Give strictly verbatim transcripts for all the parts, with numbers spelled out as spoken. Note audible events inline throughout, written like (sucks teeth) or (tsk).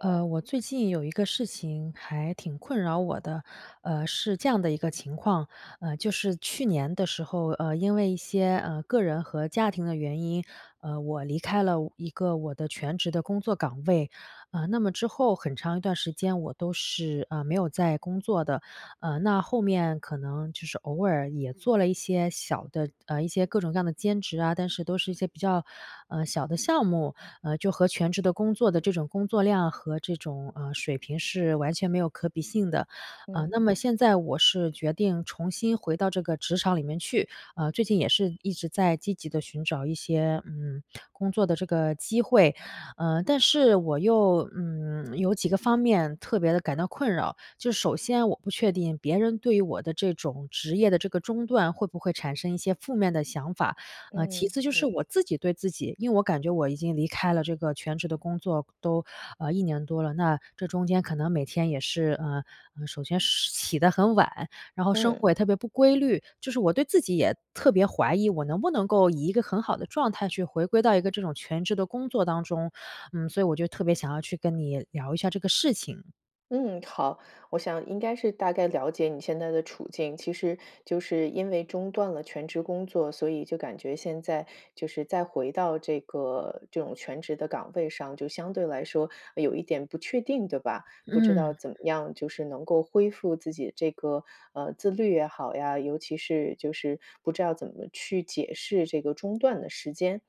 呃，我最近有一个事情还挺困扰我的。呃，是这样的一个情况，呃，就是去年的时候，呃，因为一些，呃，个人和家庭的原因，呃，我离开了一个我的全职的工作岗位。呃，那么之后很长一段时间我都是，呃，没有在工作的。呃，那后面可能就是偶尔也做了一些小的呃，一些各种各样的兼职啊，但是都是一些比较，呃，小的项目，呃，就和全职的工作的这种工作量和这种，呃，水平是完全没有可比性的。呃，嗯。那么现在我是决定重新回到这个职场里面去，呃，最近也是一直在积极地寻找一些，嗯，工作的这个机会。呃，但是我又，嗯，有几个方面特别地感到困扰。就是首先我不确定别人对于我的这种职业的这个中断会不会产生一些负面的想法。呃，其嗯-次就是嗯。我自己对自己因为我感觉我已经离开了这个全职的工作都，呃，一年多了，那这中间可能每天也是呃，首先起得很晚，然后生嗯。活也特别不规律就是我对自己也特别怀疑，我能不能够以一个很好的状态去回归到一个这种全职的工作当中。嗯，所以我就特别想要去跟你聊一下这个事情。嗯，好，我想应该是大概了解你现在的处境。其实就是因为中断了全职工作，所以就感觉现在就是再回到这个这种全职的岗位上，就相对来说有一点不确定，对吧？不知嗯。道怎么样就是能够恢复自己的这个，呃，自律也好呀，尤其是就是不知道怎么去解释这个中断的时间。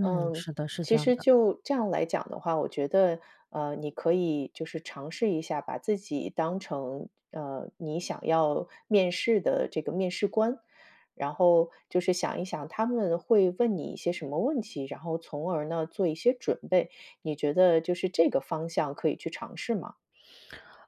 嗯，嗯，是的，是这其样实的。就这样来讲的话，我觉得，呃，你可以就是尝试一下，把自己当成，呃，你想要面试的这个面试官，然后就是想一想他们会问你一些什么问题，然后从而呢做一些准备。你觉得就是这个方向可以去尝试吗？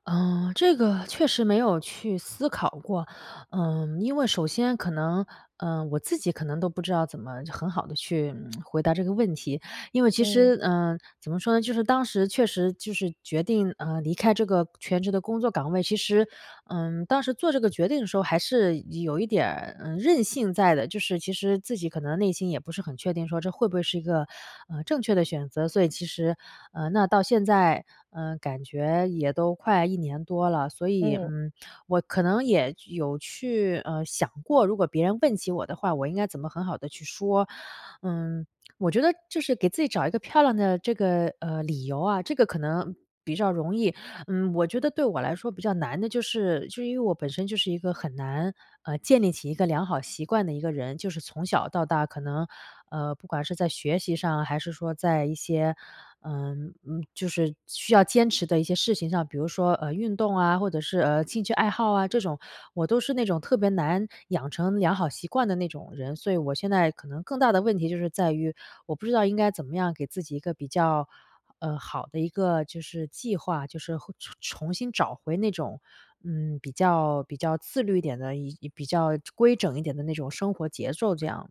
呃，这个确实没有去思考过。嗯，因为首先可能，呃，我自己可能都不知道怎么很好地去，嗯，(tsk) 回答这个问题。因为其嗯。实呃，怎么说呢，就是当时确实就是决定，呃，离开这个全职的工作岗位，其实，嗯，当时做这个决定的时候，还是有一点儿，呃，任性在的。就是其实自己可能内心也不是很确定说，这会不会是一个，呃，正确的选择。所以其实呃，那到现在，呃，感觉也都快一年多了，所以，嗯。嗯，我可能也有去，呃，想过，如果别人问起我的话，我应该怎么很好地去说。嗯，我觉得就是给自己找一个漂亮的，这个，呃，理由啊，这个可能比较容易。嗯，我觉得对我来说比较难的就是就因为我本身就是一个很难，呃，建立起一个良好习惯的一个人，就是从小到大可能，呃，不管是在学习上，还是说在一些，嗯，呃，就是需要坚持的一些事情上，比如说，呃，运动啊，或者是，呃，兴趣爱好啊这种，我都是那种特别难养成良好习惯的那种人。所以我现在可能更大的问题就是在于，我不知道应该怎么样给自己一个比较，呃，好的一个，就是，计划。就是会重重新找回那种，嗯，比较比较自律一点的一比较规整一点的那种生活节奏这样。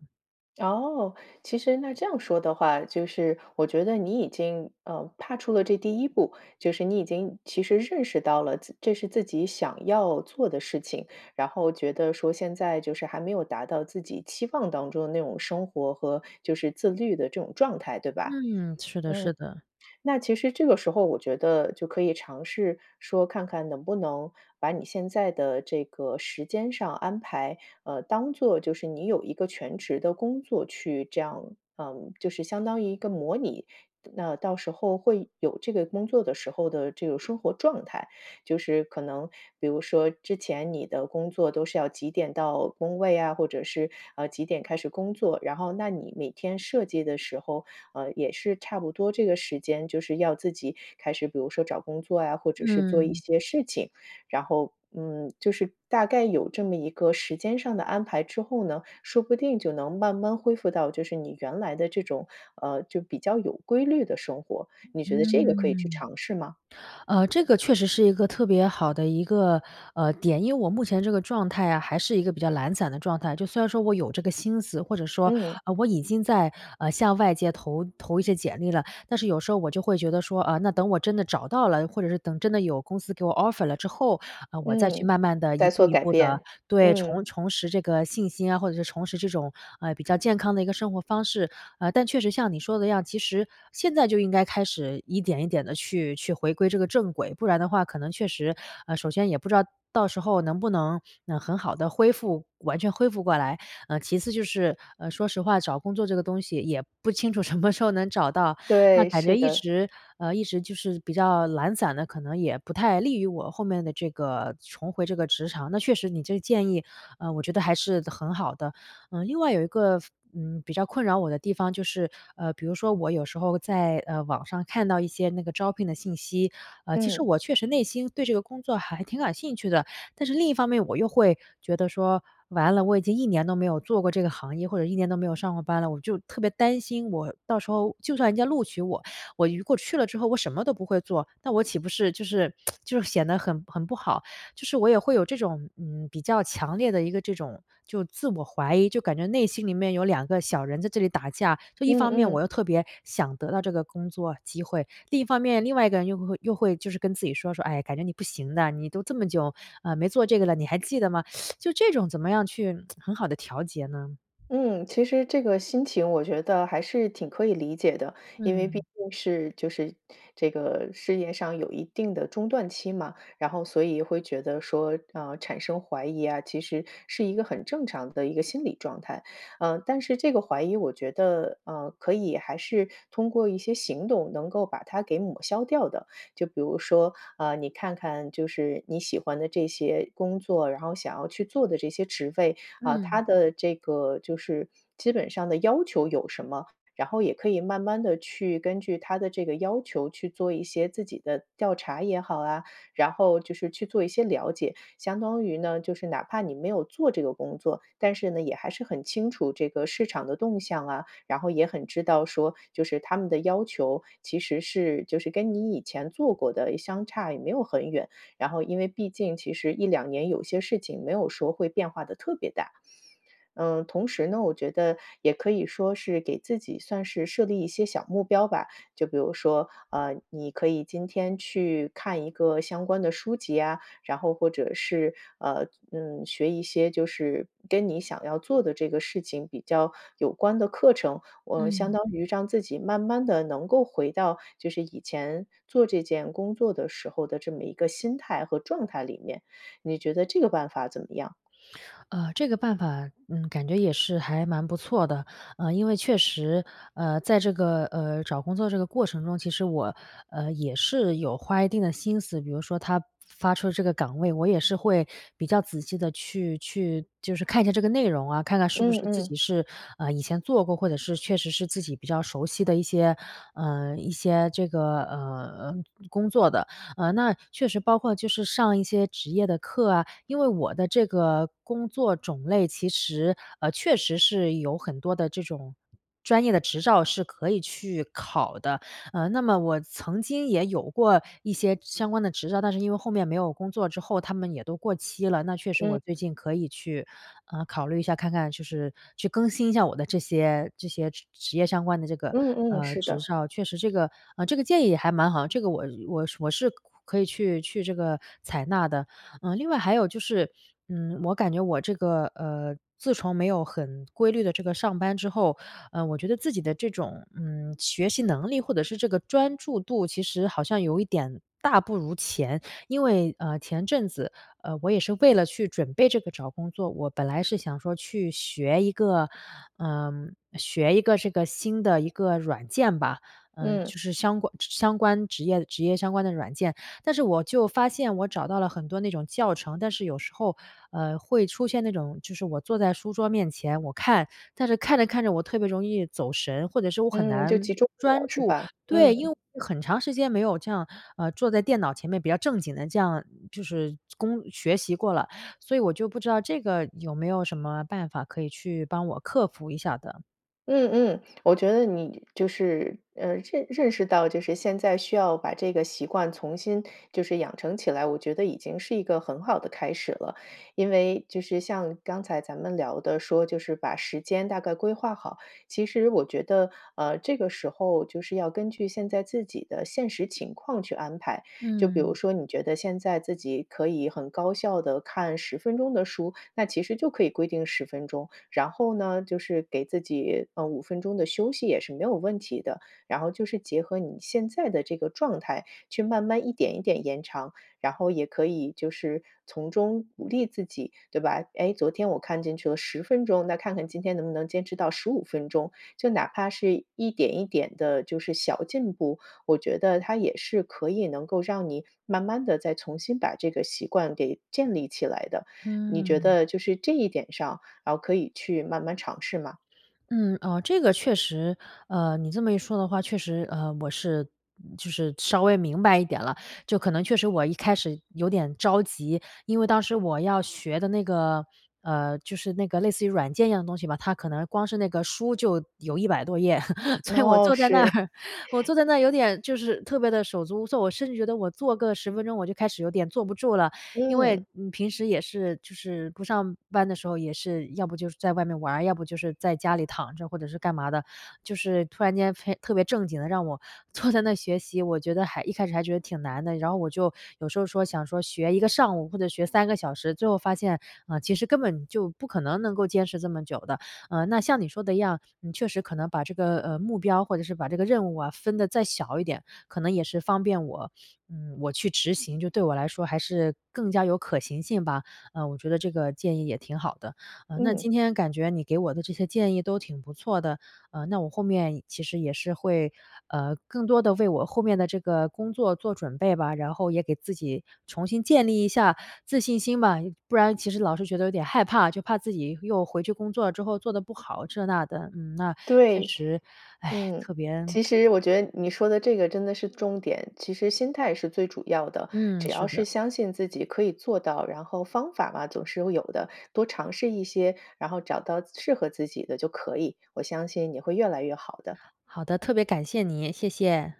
哦，其实那这样说的话，就是我觉得你已经，嗯，踏出了这第一步，就是你已经其实认识到了，自这是自己想要做的事情，然后觉得说现在就是还没有达到自己期望当中的那种生活和，就是，自律的这种状态，对吧？嗯。嗯，是的是的。那其实这个时候我觉得就可以尝试说，看看能不能把你现在的这个时间上安排，呃，当做就是你有一个全职的工作去这样嗯，就是相当于一个模拟那到时候会有这个工作的时候的这个生活状态。就是可能比如说之前你的工作都是要几点到工位啊，或者是，呃，几点开始工作，然后那你每天设计的时候，呃，也是差不多这个时间就是要自己开始，比如说找工作呀，或者是做一嗯。些事情。然后，嗯，就是大概有这么一个时间上的安排之后呢，说不定就能慢慢恢复到，就是你原来的这种，呃，就比较有规律的生活，你觉得这个可以去嗯。尝试吗？呃，这个确实是一个特别好的一个，呃，点。因为我目前这个状态啊，还是一个比较懒散的状态，就虽然说我有这个心思，或者说，嗯。啊，我已经在，呃，向外界投投一些简历了。但是有时候我就会觉得说：“啊，那等我真的找到了，或者是等真的有公司给我 offer 了之后，啊，我再去嗯，慢慢地一在步做一改步地变，对，嗯。重重拾这个信心啊，或者是重拾这种，呃，比较健康的一个生活方式。”呃，但确实像你说的一样，其实现在就应该开始一点一点地去去回归这个正轨，不然的话可能确实，呃，首先也不知道到时候能不能，嗯，很好地恢复完全恢复过来。呃，其次就是，呃，说实话，找工作这个东西也不清楚什么时候能找到，那对，感觉是一的。直呃，一直就是比较懒散的，可能也不太利于我后面的这个重回这个职场，那确实你这个建议，呃，我觉得还是的很好的。嗯，另外有一个非嗯，比较困扰我的地方就是，呃，比如说我有时候在，呃，网上看到一些那个招聘的信息，呃，其实嗯。我确实内心对这个工作还挺感兴趣的，但是另一方面我又会觉得说：“完了，我已经一年都没有做过这个行业，或者一年都没有上过班了。”我就特别担心我到时候就算人家录取我，我如果去了之后，我什么都不会做，那我岂不是就是 (tsk) 就是显得很很不好。就是我也会有这种，嗯，比较强烈的一个这种就自我怀疑，就感觉内心里面有两个小人在这里打架，就一嗯方面我嗯。又特别想得到这个工作机会，另一方面，另外一个人又会会又会就是跟自己说说：“唉，感觉你不行的，你都这么久，呃，没做这个了，你还记得吗？” (sucks teeth) 就这种怎么样去 (tsk) 很好地调节呢？嗯，其实这个心情我觉得还是挺可以理解的，因为毕嗯。竟是就是这个事业上有一定的中断期嘛，然后所以会觉得说，啊，产生怀疑呀，其实是一个很正常的一个心理状态。嗯，但是这个怀疑我觉得，嗯，可以还是通过一些行动能够把它给抹消掉的。就比如说，啊，你看看就是你喜欢的这些工作，然后想要去做的这些职位，啊，嗯。它的这个就是基本上的要求有什么，然后也可以慢慢地去根据它的这个要求去做一些自己的调查也好啊，然后就是去做一些了解。相当于呢，就是哪怕你没有做这个工作，但是呢，也还是很清楚这个市场的动向啊，然后也很知道说就是它们的要求，其实是就是跟你以前做过的相差也没有很远，然后因为毕竟其实一两年有些事情没有说会变化得特别大。嗯，同时呢，我觉得也可以说是给自己算是设立一些小目标吧，就比如说，啊，你可以今天去看一个相关的书籍呀，然后或者是，呃，嗯，学一些就是跟你想要做的这个事情比较有关的课程，呃，相嗯。当于让自己慢慢地能够回到就是以前做这件工作的时候的这么一个心态和状态里面，你觉得这个办法怎么样？呃，这个办法，嗯，感觉也是还蛮不错的。呃，因为确实，呃，在这个，呃，找工作这个过程中，其实我，呃，也是有花一定的心思，比如说它发出这个的岗位，我也是会比较仔细地去去就是看一下这个内容啊，看看是不嗯是自嗯。己是，呃，以前做过，或者是确实是自己比较熟悉的一些呃，一些这个，呃，嗯，工作的。呃，那确实包括就是上一些职业的课啊，因为我的这个工作种类其实，呃，确实是有很多的这种专业的执照是可以去考的，呃，那么我曾经也有过一些相关的执照，但是因为后面没有工作之后，它们也都过期了，那确实我嗯。最近可以去，呃，考虑一下看看就是去更新一下我的这些这些职职业相关的这个，嗯嗯，呃，是执的。照。确实这个呃，这个建议也还蛮好，这个我呃，我我是可可以去去这个采纳的。呃，另外还有就是，嗯，我感觉我这个，呃，自从没有很规律地这个上班之后，呃，我觉得自己的这种，嗯，学习能力，或者是这个专注度，其实好像有一点大不如前。因为，呃，前阵子，呃，我也是为了去准备这个找工作，我本来是想说去学一个呃，学一个这个新的一个软件吧，嗯，嗯。就是相关相关职业职业相关的软件，但是我就发现我找到了很多那种教程。但是有时候，呃，会出现那种，就是我坐在书桌面前，我看，但是看着看着我特别容易走神，或者是我很嗯，难就集中不了，专是注。吧？对，因为嗯。我有很长时间没有这样，呃，坐在电脑前面比较正经地这样就是工学习过了，所以我就不知道这个有没有什么办法可以去帮我克服一下的？嗯嗯，我觉得你就是，呃，认认识到就是现在需要把这个习惯重新就是养成起来，我觉得已经是一个很好的开始了。因为就是像刚才咱们聊的说就是把时间大概规划好，其实我觉得，呃，这个时候就是要根据现在自己的现实情况去安排。就比如嗯。说你觉得现在自己可以很高效地看十分钟的书，那其实就可以规定十分钟。然后呢就是给自己，呃，五分钟的休息也是没有问题的。然后就是结合你现在的这个状态，去慢慢一点一点延长，然后也可以就是从中鼓励自己对吧，哎，昨天我看进去了十分钟，那看看今天能不能坚持到十五分钟。就哪怕是一点一点的就是小进步，我觉得它也是可以能够让你慢慢地再重新把这个习惯给建立起来的。你觉嗯。得就是这一点上，啊，可以去慢慢尝试吗？嗯，哦，这个确实，呃，你这么一说的话，确实，呃，我是就是稍微明白一点了，就可能确实我一开始有点着急。因为当时我要学的那个，呃，就是那个类似于软件一样的东西吧，它可能光是那个书就有一百多页，(laughs) 所以我哦，坐在那是。儿我坐在那儿有点，就是特别地手足无措，我甚至觉得我坐个十分钟我就开始有点坐不住了，因嗯。为，嗯，平时也是，就是不上班的时候也是，要不就是在外面玩儿，要不就是在家里躺着，或者是干嘛的。就是突然间非特别正经地让我坐在那儿学习，我觉得还一开始还觉得挺难的，然后我就有时候说，想说学一个上午或者学三个小时，最后发现，嗯，其实根本就不可能能够坚持这么久的。呃，那像你说的一样，嗯，你确实可能把这个，呃，目标或者是把这个任务啊分得再小一点，可能也是方便我，嗯，我去执行，就对我来说还是更加有可行性吧。嗯，我觉得这个建议也挺好的。嗯，那今嗯。天感觉你给我的这些建议都挺不错的，呃，那我后面其实也是会，呃，更多地为我后面的这个工作做准备吧，然后也给自己重新建立一下自信心吧，不然其实老是觉得有点害怕，就怕自己又回去工作之后做得不好，这那的，嗯，那，确对。实，嗯，唉，其特别 (tsk) 实我觉得你说的这个，真的是重点，其实心态是最主要的。嗯，只是要是的。相信自己可以做到，然后方法嘛，总是会有的，多尝试一些，然后找到适合自己的就可以，我相信你会越来越好的。好的，特别感谢你，谢谢。